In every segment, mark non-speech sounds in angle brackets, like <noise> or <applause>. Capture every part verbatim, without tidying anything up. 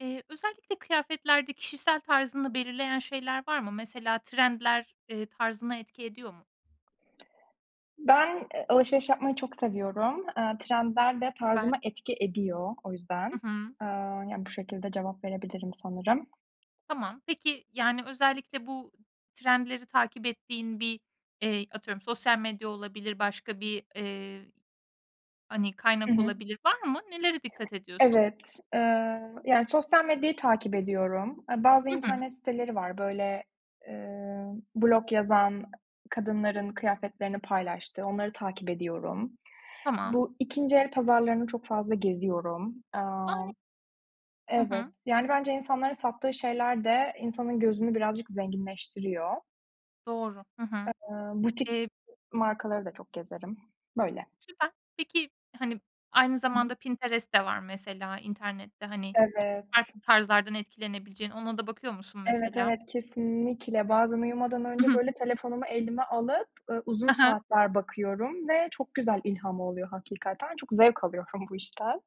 Eee, özellikle kıyafetlerde kişisel tarzını belirleyen şeyler var mı? Mesela trendler, eee, tarzına etki ediyor mu? Ben, eee, alışveriş yapmayı çok seviyorum. Eee, trendler de Süper. tarzıma etki ediyor o yüzden. Hı hı. Eee, ya, bu şekilde cevap verebilirim sanırım. Tamam. Peki, yani, özellikle bu trendleri takip ettiğin bir, eee, atıyorum sosyal medya olabilir, başka bir, eee, hani, I kaynak hı. olabilir. Var mı? Nelere dikkat ediyorsun? Evet. Eee, yani sosyal medyayı takip ediyorum. Eee, bazı Hı hı. internet siteleri var. Böyle, eee, blog yazan kadınların kıyafetlerini paylaştığı onları takip ediyorum. Tamam. Bu ikinci el pazarlarını çok fazla geziyorum. Aaa, <unintelligible> Hı evet, hı. yani bence insanların sattığı şeyler de insanın gözünü birazcık zenginleştiriyor. Doğru. Hı hı. Eee, butik Eee markaları da çok gezerim. Böyle. Süper. Peki, hani, aynı zamanda Pinterest de var mesela; internette, hani, Evet. farklı tarzlardan etkilenebileceğin. Ona da bakıyor musun Evet, mesela? evet, kesinlikle. Bazen uyumadan I önce hı. böyle telefonumu elime alıp, ııı, uzun A ha. saatler bakıyorum ve çok güzel ilham oluyor hakikaten. Çok zevk alıyorum bu işten.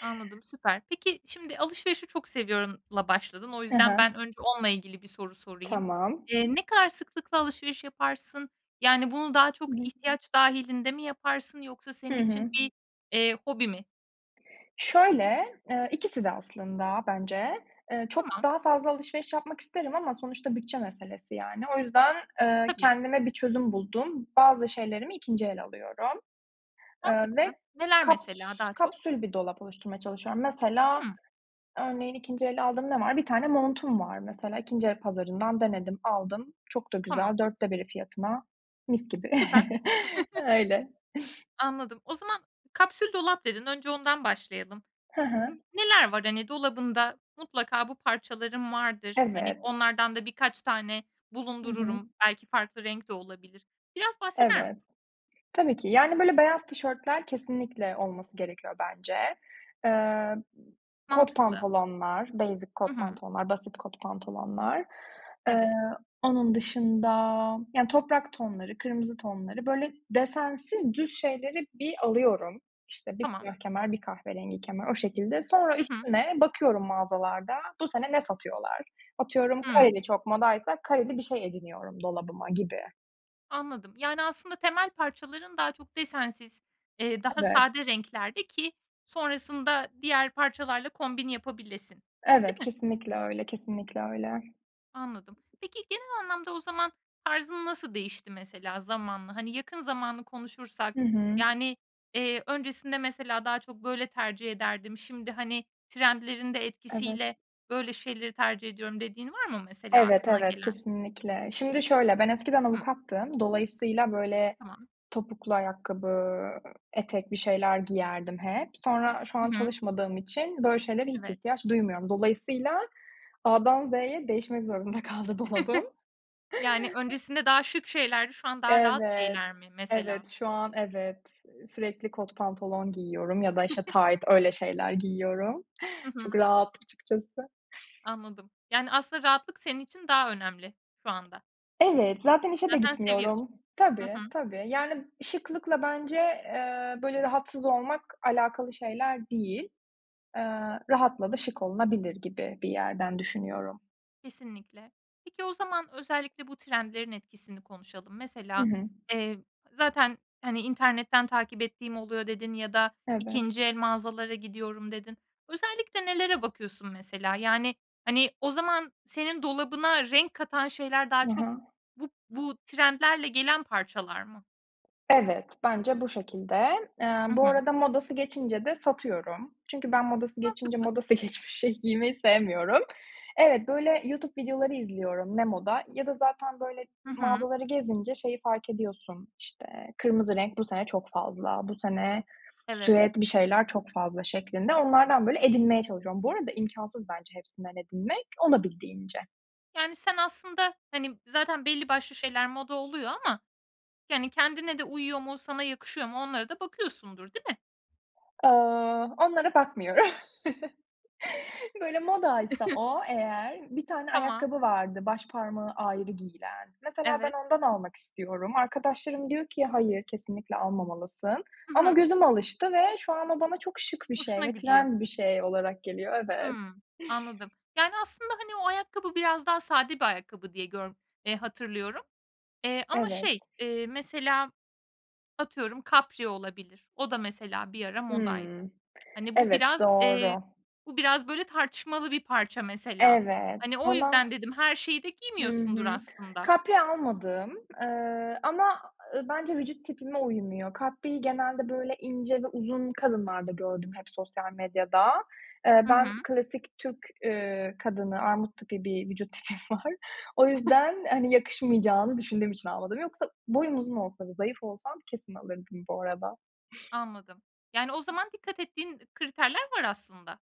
Anladım, süper. Peki, şimdi alışverişi çok seviyorumla başladın. O Hı yüzden hı. ben önce onunla ilgili bir soru sorayım. Tamam. Eee, ne kadar sıklıkla alışveriş yaparsın? Yani, bunu daha Hı çok hı. ihtiyaç dâhilinde mi yaparsın yoksa senin Hı için hı. bir, eee, hobi mi? Şöyle, eee, ikisi de aslında bence. Eee, çok Tamam. daha fazla alışveriş yapmak isterim ama sonuçta bütçe meselesi, yani. O yüzden, eee, Tabii. kendime bir çözüm buldum. Bazı şeylerimi ikinci el alıyorum, eee, Mantıklı. ve Neler kaps mesela daha çok? kapsül bir dolap oluşturmaya çalışıyorum. Mesela, Hımm. örneğin ikinci el aldığım ne var? Bir tane montum var, mesela. ikinci el pazarından denedim, aldım. Çok da Tamam. güzel. dörtte biri fiyatına. Mis gibi. Süper. <chuckles> <chuckles> Öyle. Anladım. O zaman kapsül dolap dedin. Önce ondan başlayalım. Hı hı. Neler var, hani, dolabında? Mutlaka bu parçalarım vardır, hani, Evet. onlardan da birkaç tane Hı hı. bulundururum. Belki farklı renk de olabilir. Biraz bahseder misin? Evet. Tabii ki. Yani, böyle beyaz tişörtler, kesinlikle olması gerekiyor bence. Eee, kot Mantıklı. pantolonlar, basic Hı kot hı. pantolonlar, basit kot pantolonlar. Eee, Evet. onun dışında, yani, toprak tonları, kırmızı tonları; böyle desensiz, düz şeyleri bir alıyorum. İşte, bir Tamam. siyah kemer, bir kahverengi kemer, o şekilde. Sonra Hı hı. üstüne, bakıyorum mağazalarda. Bu sene ne satıyorlar? Atıyorum, Hımm. kareli çok modaysa kareli bir şey ediniyorum dolabıma gibi. Anladım. Yani, aslında temel parçaların daha çok desensiz, eee, daha Evet. sade renklerde ki sonrasında diğer parçalarla kombin yapabilesin. Değil Evet, mi? kesinlikle öyle, kesinlikle öyle. Anladım. Peki, genel anlamda o zaman, tarzın nasıl değişti, mesela, zamanla? Hani, yakın zamanı konuşursak, Hı hı. yani, eee, "Öncesinde, mesela, daha çok böyle tercih ederdim, şimdi, hani, trendlerin de Evet. etkisiyle böyle şeyleri tercih ediyorum." dediğin var mı, mesela, Evet, aklına evet, gelen? kesinlikle. Şimdi şöyle, ben eskiden Hıh. avukattım. Dolayısıyla, böyle, Tamam. topuklu ayakkabı, etek bir şeyler giyerdim hep. Sonra şu an Hı hı. çalışmadığım için böyle şeylere hiç Evet. ihtiyaç duymuyorum. Dolayısıyla A'dan Z'ye değişmek zorunda kaldı dolabım. <chuckles> Yani, <chuckles> öncesinde daha şık şeylerdi, şu an daha rahat Evet, şeyler mi, mesela? evet, şu an evet. Sürekli kot pantolon giyiyorum ya da, işte, <chuckles> tayt, öyle şeyler giyiyorum. Hı Çok hı. rahat açıkçası. Anladım. Yani, aslında rahatlık senin için daha önemli şu anda. Evet, zaten işe de Zaten seviyordun, gitmiyorum. hı Tabii, hı. tabii. Yani, şıklıkla bence, eee, böyle, rahatsız olmak alakalı şeyler değil. Eee, rahatla da şık olunabilir gibi bir yerden düşünüyorum. Kesinlikle. Peki, o zaman özellikle bu trendlerin etkisini konuşalım. Hı Mesela, hı. eee, zaten, hani, "İnternetten takip ettiğim oluyor." dedin. "Ya da Evet. ikinci el mağazalara gidiyorum." dedin. Özellikle nelere bakıyorsun, mesela? Yani, hani, o zaman senin dolabına renk katan şeyler daha Hı çok hı. bu bu trendlerle gelen parçalar mı? Evet, bence bu şekilde. Eee, Hı bu hı. arada modası geçince de satıyorum. Çünkü ben modası geçince Mantıklı. modası geçmiş şeyi giymeyi sevmiyorum. Evet, böyle, YouTube videoları izliyorum. Ne moda ya da zaten, böyle, Hı hı. mağazaları gezince şeyi fark ediyorsun, işte, kırmızı renk bu sene çok fazla, bu sene Evet. süet bir şeyler çok fazla şeklinde onlardan, böyle, edinmeye çalışıyorum. Bu arada imkânsız hepsinden edinmek. Olabildiğince. Yani, sen aslında, hani, zaten belli başlı şeyler moda oluyor ama, yani, kendine de uyuyor mu, sana yakışıyor mu onlara da bakıyorsundur, değil mi? Eee, onlara bakmıyorum. <chuckles> Böyle, modaysa <chuckles> o eğer, bir tane Tamam. ayakkabı vardı, baş parmağı ayrı giyilen. Mesela ben Evet. ondan almak istiyorum. Arkadaşlarım diyor ki, "Hayır, kesinlikle almamalısın." Hı Ama hı. gözüm alıştı ve şu anda bana çok şık bir şey Hoşuna ve gidiyor. trend bir şey olarak geliyor. Evet. Hımm, anladım. Yani, aslında, hani, o ayakkabı biraz daha sade bir ayakkabı diye gör eee, hatırlıyorum. Eee, ama Evet. şey, eee, mesela, atıyorum kapri olabilir. O da mesela bir ara modaydı. Hımm, Hani, bu evet, biraz, eee, doğru. bu biraz, böyle, tartışmalı bir parça, mesela. Evet Hani, o ama yüzden dedim her şeyi de Hı giymiyorsundur, hı. aslında. Kapri almadım. Eee, ama, eee, bence vücut tipime uymuyor. Kapriyi genelde, böyle, ince ve uzun kadınlarda gördüm hep sosyal medyada. Eee, Hı hı. ben klasik Türk, eee, kadını, armut tipi bir vücut tipim var. O <chuckles> yüzden, hani, yakışmayacağını düşündüğüm için almadım. Yoksa boyum uzun olsa ve zayıf olsam kesin alırdım bu arada. Anladım. Yani, o zaman dikkat ettiğin kriterler var, aslında.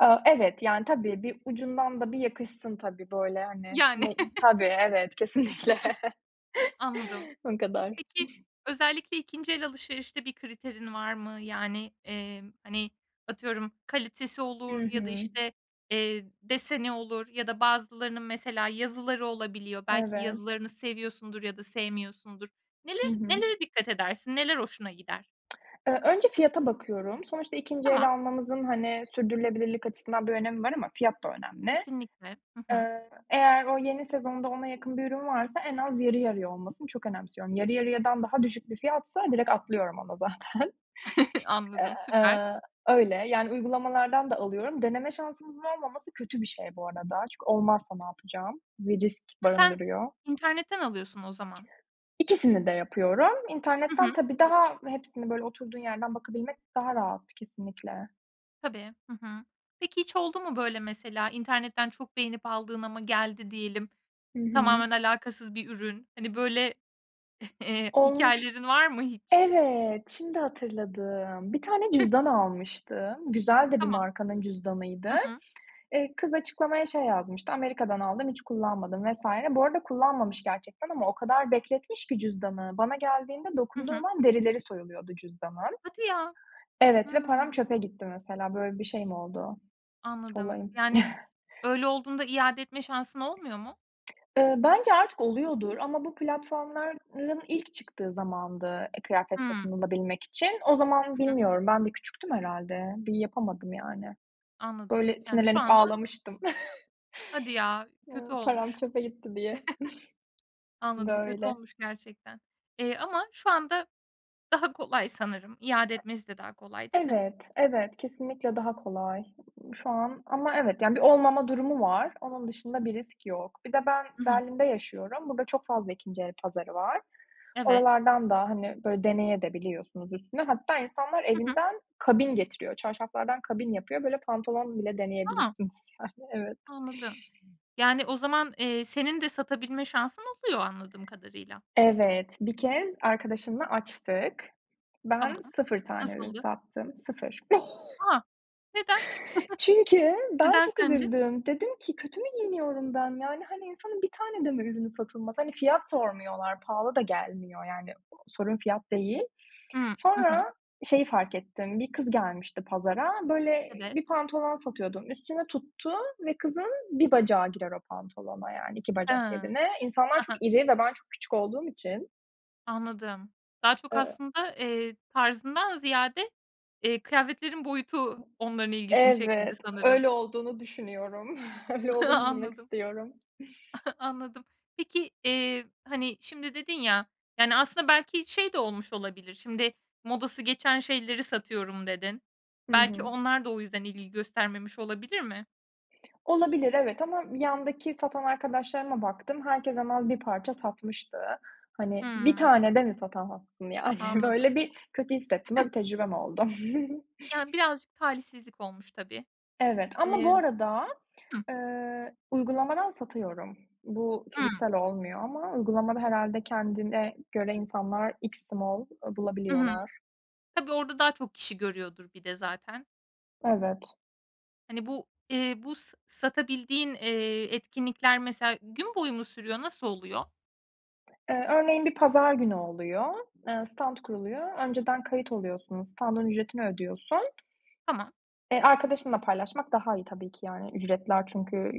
Aaa, evet, yani, tabii. Bir ucundan da bir yakışsın tabii, böyle, hani. Yani. Ne Tabii, evet, kesinlikle <chuckles> <chuckles> <chuckles> Anladım. O kadar. Peki, özellikle ikinci el alışverişte bir kriterin var mı? Yani, eee, hani, atıyorum, kalitesi Hı olur ya da, hı. işte, eee, deseni olur ya da bazılarının, mesela, yazıları olabiliyor. Belki Evet. yazılarını seviyorsundur ya da sevmiyorsundur. Hı Neler hı. nelere dikkat edersin? Neler hoşuna gider? Eee, önce fiyata bakıyorum. Sonuçta ikinci Tamam. el almamızın, hani, sürdürülebilirlik açısından bir önemi var ama fiyat da önemli. Kesinlikle, hı hı. Eee, eğer o yeni sezonda ona yakın bir ürün varsa, en az yarı yarıya olmasını çok önemsiyorum. Yarı yarıyadan daha düşük bir fiyatsa direkt atlıyorum ona zaten. <chuckles> Eee, Anladım, süper. eee, öyle. Yani, uygulamalardan da alıyorum. Deneme şansımızın olmaması kötü bir şey bu arada. Çünkü olmazsa ne yapacağım ve risk Ha, sen barındırıyor. internetten alıyorsun o zaman. İkisini de yapıyorum. Hı İnternetten hı. tabii daha hepsini, böyle, oturduğun yerden bakabilmek daha rahat, kesinlikle. Tabii, hı hı. Peki, hiç oldu mu böyle, mesela? İnternetten çok beğenip aldın ama geldi, diyelim. Hı hı. Tamamen alakasız bir ürün. Hani, böyle, eee, Olmuş. hikâyelerin var mı hiç? Evet, şimdi hatırladım. Bir tane <chuckles> cüzdan almıştım. Güzel de bir Tamam, markanın cüzdanıydı. hı hı. Eee, kız açıklamaya şey yazmıştı: "Amerika'dan aldım, hiç kullanmadım." vs. Bu arada kullanmamış gerçekten ama o kadar bekletmiş ki cüzdanı, bana geldiğinde Hı hı. dokunduğum an derileri soyuluyordu cüzdanın. Hadi ya! Evet, ve param Hıı. çöpe gitti, mesela. Böyle bir şeyim oldu, Anladım. olayım. Yani, <chuckles> öyle olduğunda iade etme şansın olmuyor mu? Eee, bence artık oluyordur ama bu platformların ilk çıktığı zamandı, eee, kıyafet Hıı. satın alabilmek için. O zaman Hı hı. bilmiyorum, ben de küçüktüm herhâlde. Bir yapamadım, yani. Anladım. Böyle, Yani, şu sinirlenip anda ağlamıştım. Hadi ya! <chuckles> Eee, Kötü param olmuş. çöpe gitti diye. <chuckles> <chuckles> Anladım. Kötü Böyle. olmuş gerçekten. Eee, ama şu anda daha kolay sanırım. İade etmesi de daha kolay değil mi? Evet, evet. Kesinlikle daha kolay şu an ama evet, yani, bir olmama durumu var. Onun dışında bir risk yok. Bir de ben I hı. Berlin'de yaşıyorum. Burada çok fazla ikinci el pazarı var. Evet. Oralardan da, hani, böyle, deneye de biliyorsunuz üstüne. Hatta insanlar Hı hı. evinden kabin getiriyor. Çarşaflardan kabin yapıyor. Böyle, pantolon bile A! deneyebilirsiniz, yani. Evet. Anladım. Yani, o zaman, eee, senin de satabilme şansın oluyor, anladığım kadarıyla. Evet, bir kez arkadaşımla açtık. Tamam. Ben sıfır tane ürün Nasıldı? sattım. sıfır. <chuckles> A! Neden? <chuckles> Çünkü ben Neden çok sence? üzüldüm. Dedim ki: "Kötü mü giyiniyorum ben?" Yani, hani, insanın bir tane de mi ürünü satılmaz? Hani, fiyat sormuyorlar, pahalı da gelmiyor, yani. Sorun fiyat değil. Hıı, hı hı. Sonra şeyi fark ettim, bir kız gelmişti pazara, böyle, Evet. bir pantolon satıyordum. Üstüne tuttu ve kızın bir bacağı girer o pantolona, yani, iki Hıı, bacak yerine. İnsanlar hı çok hı. iri ve ben çok küçük olduğum için. Anladım. Daha çok Iıı. aslında, eee, tarzından ziyade, eee, kıyafetlerin boyutu onların ilgisini çekmedi Evet, sanırım. öyle olduğunu düşünüyorum. <chuckles> Öyle <chuckles> olduğunu düşünmek Anladım. istiyorum. <chuckles> Anladım. Peki, eee, hani, şimdi dedin ya, yani, aslında belki şey de olmuş olabilir. Şimdi, "Modası geçen şeyleri satıyorum." dedin. Hı Belki hı. onlar da o yüzden ilgi göstermemiş olabilir mi? Olabilir, evet ama yandaki satan arkadaşlarıma baktım, herkes hemen bir parça satmıştı. Hani, bir Hıı. tane de mi satamazsın, yani? Anladım. Böyle, bir kötü hissettim ve <chuckles> bir tecrübem oldu. <chuckles> Ya, birazcık talihsizlik olmuş, tabii. Evet ama Eee bu arada, Hıh? eee, uygulamadan satıyorum. Bu Hıı. fiziksel olmuyor ama uygulamada herhâlde kendine göre insanlar extra small, eee, Hı hı, bulabiliyorlar. tabii, orada daha çok kişi görüyordur bir de zaten. Evet. Hani, bu, eee, bu s satabildiğin, eee, etkinlikler, mesela, gün boyu mu sürüyor? Nasıl oluyor? Eee, örneğin bir pazar günü oluyor. Eee, stant kuruluyor. Önceden kayıt oluyorsunuz, standın ücretini ödüyorsun. Tamam. E, arkadaşınla paylaşmak daha iyi tabii ki, yani. Ücretler çünkü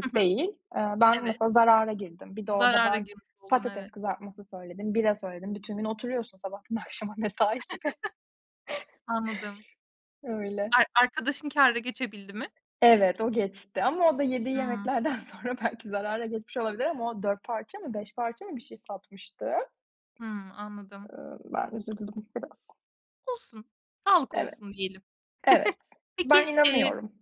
Hı hı, değil. Eee, ben evet. mesela zarara girdim. Bir de orada Zarara ben girmiş oldun, patates evet. kızartması söyledim, bira söyledim. Bütün gün oturuyorsun, sabahtan akşama, mesai gibi. <chuckles> <chuckles> Anladım. Öyle. Ar arkadaşın kâra geçebildi mi? Evet, o geçti ama o da yediği Hımm. yemeklerden sonra belki zarara geçmiş olabilir ama o dört parça mı, beş parça mı bir şey satmıştı. Eee, Hımm, anladım. ben üzüldüm biraz. Olsun, sağlık Evet, olsun diyelim. evet. <chuckles> Ben Peki, eee inanıyorum.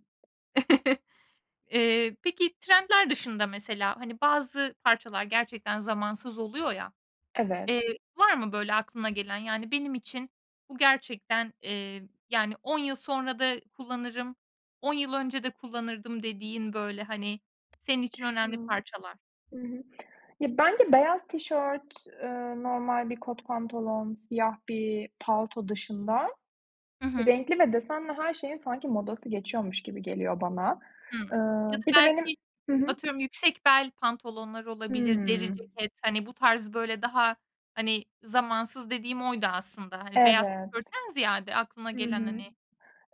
<chuckles> Eee, peki, trendler dışında, mesela, hani, bazı parçalar gerçekten zamansız oluyor, ya. Evet. Eee, var mı, böyle, aklına gelen? Yani, benim için bu gerçekten, eee, yani, on yıl sonra da kullanırım, on yıl önce de kullanırdım dediğin, böyle, hani, senin için önemli Düşünüyorum. parçalar? Hı hı. Ya, bence beyaz tişört, eee normal bir kot pantolon, siyah bir palto dışında Hı hı. renkli ve desenli her şeyin sanki modası geçiyormuş gibi geliyor bana. Hımm. Ya Iıı, da bir de benim belki, Hı hı? atıyorum yüksek bel pantolonlar olabilir, deri Hımm. ceket, hani, bu tarz, böyle, daha, hani, zamansız dediğim oydu, aslında. Hani, beyaz Evet, tişörtten ziyade aklına hı gelen, hı. hani.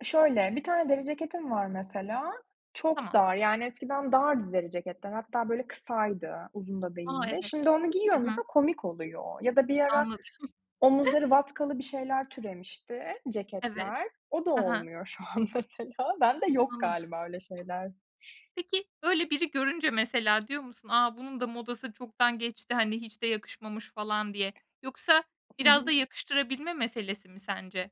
Şöyle, bir tane deri ceketim var, mesela. Çok Tamam. dar, yani, eskiden dardı deri ceketler. Hatta, böyle, kısaydı, uzun da A! değildi. Evet, Şimdi onu hı giyiyorum hı. mesela komik oluyor. Ya da bir ara Anladım. <chuckles> omuzları vatkalı bir şeyler türemişti, Evet, ceketler. O da hı hı. olmuyor şu an mesela. Ben de yok Anladım. galiba, öyle şeyler. Peki, böyle, biri görünce mesela diyor musun, "A! Bunun da modası çoktan geçti, hani, hiç de yakışmamış." falan diye. Yoksa Hı biraz da hı. yakıştırabilme meselesi mi sence?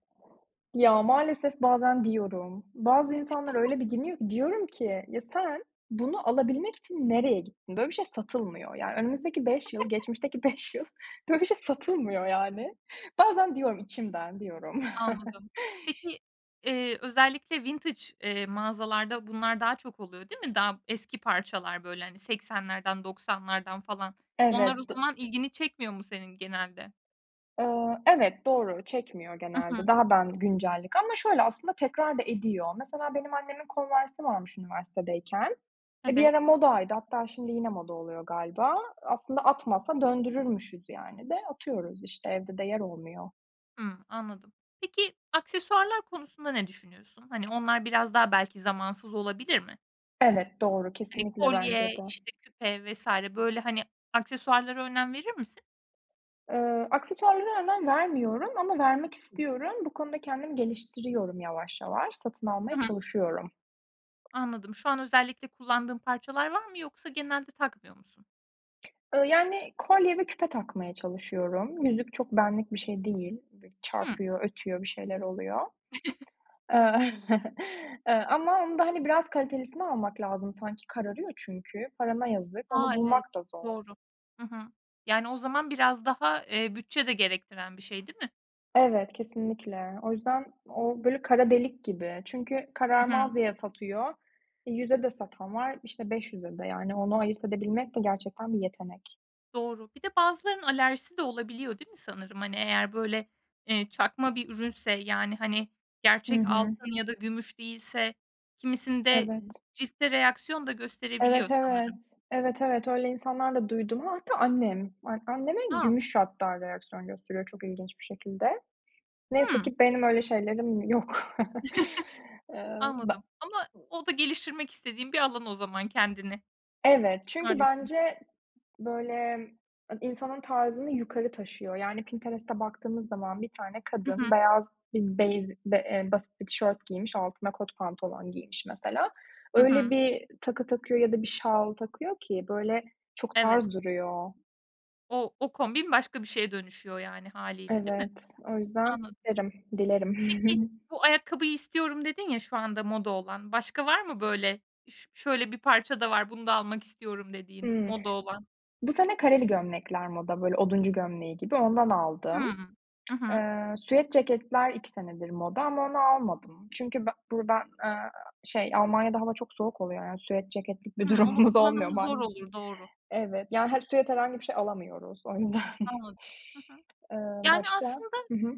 Ya, maalesef bazen diyorum. Bazı insanlar <chuckles> öyle bir giyiniyor ki. Diyorum ki, ya, sen bunu alabilmek için nereye gittin? Böyle bir şey satılmıyor. Yani, önümüzdeki beş yıl, <chuckles> geçmişteki beş yıl böyle bir şey satılmıyor, yani. Bazen diyorum, içimden diyorum. <chuckles> Anladım. Peki, eee, özellikle vintage, eee, mağazalarda bunlar daha çok oluyor, değil mi? Daha eski parçalar, böyle, hani, seksenlerden, doksanlardan falan. Onlar o Evet, do zaman ilgini çekmiyor mu senin genelde? Iıı, evet, doğru, çekmiyor I genelde. hı. Daha ben güncellik. Ama şöyle aslında tekrar da ediyor. Mesela benim annemin Converse'i varmış üniversitedeyken. E, bir Evet. ara modaydı hatta şimdi yine moda oluyor galiba. Aslında atmasa döndürürmüşüz, yani, de atıyoruz, işte, evde de yer olmuyor. Hımm, anladım. Peki aksesuarlar konusunda ne düşünüyorsun? Hani, onlar biraz daha belki zamansız olabilir mi? Evet, doğru. Hani, Kesinlikle, bence kolye, de. işte, küpe vs. böyle, hani, aksesuarlara önem verir misin? Eee, aksesuarlara önem vermiyorum ama vermek istiyorum. Bu konuda kendimi geliştiriyorum yavaş yavaş. Satın Hı almaya hı. çalışıyorum. Anladım. Şu an özellikle kullandığın parçalar var mı yoksa genelde takmıyor musun? Iıı, yani, kolye ve küpe takmaya çalışıyorum. Yüzük çok benlik bir şey değil. Bir Hıı. çarpıyor, ötüyor, bir şeyler oluyor. <chuckles> Iıı, <chuckles> ııı, ama onda, hani, biraz kalitelisini almak lazım sanki. Kararıyor çünkü. Parana yazık. A! Onu Evet, bulmak da zor. doğru, hı hı. Yani, o zaman biraz daha, eee, bütçe de gerektiren bir şey, değil mi? Evet, kesinlikle. O yüzden o böyle kara delik gibi. Çünkü I hı. kararmaz diye satıyor. E, yüze de satan var, işte, beş yüze de. Yani, onu ayırt edebilmek de gerçekten bir yetenek. Doğru. Bir de bazılarının alerjisi de olabiliyor, değil mi sanırım? Hani, eğer böyle, eee, çakma bir ürünse, yani, hani, Hı gerçek hı. altın ya da gümüş değilse kimisinde Evet. ciltte reaksiyon da Evet, gösterebiliyor evet. sanırım. Evet, evet. Öyle insanlar da duydum. A, hatta annem. A anneme A! gümüş hatta reaksiyon gösteriyor çok ilginç bir şekilde. Neyse Hıı. ki benim öyle şeylerim yok. <chuckles> <chuckles> Eee, be Anladım. Ama o da geliştirmek istediğin bir alan o zaman kendini. Evet. Çünkü Maalesef. bence, böyle, e insanın tarzını yukarı taşıyor. Yani, Pinterest'e baktığımız zaman bir tane Hı kadın, hı. beyaz bir beyz be eee, basit bir tişört giymiş, altına kot pantolon giymiş mesela. Hı Öyle hı. bir takı takıyor ya da bir şal takıyor ki, böyle, çok Evet. tarz duruyor. O o kombin başka bir şeye dönüşüyor, yani, hâliyle, değil mi? Evet. O yüzden Anladım. derim dilerim. Peki, <giggles> "Bu ayakkabıyı istiyorum." dedin ya şu anda moda olan. Başka var mı böyle, "Üş şöyle bir parça da var, bunu da almak istiyorum." dediğin, Hıı. moda olan? Bu sene kareli gömlekler moda, böyle oduncu gömleği gibi ondan Hıı. aldım. Hı hı. Eee, süet ceketler iki senedir moda ama onu almadım. Çünkü be buradan, eee, şey Almanya'da hava çok soğuk oluyor, yani, süet ceketlik bir Hıı. Onun durumumuz olmuyor kullanımı zor maalesef. olur, doğru. Evet, ya, hani, süet herhangi bir şey alamıyoruz o yüzden. Anladım. Hı hı. Eee, Yani, başka aslında Hı hı.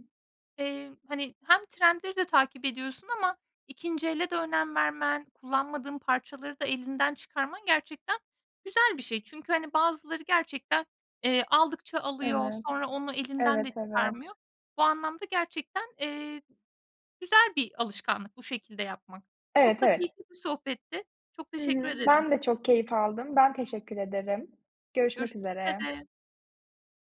Eee, hani, hem trendleri de takip ediyorsun ama ikinci ele de önem vermen, kullanmadığın parçaları da elinden çıkarman gerçekten güzel bir şey. Çünkü, hani, bazıları gerçekten, eee, aldıkça alıyor Evet. sonra onu elinden Evet, de evet. çıkarmıyor. Bu anlamda gerçekten, eee, güzel bir alışkanlık bu şekilde yapmak. Çok Evet, da evet. keyifli bir sohbetti. Çok Hı teşekkür hı. ederim. Ben de çok keyif aldım. Ben, teşekkür ederim. Görüşmek Görüşmek üzere. üzere.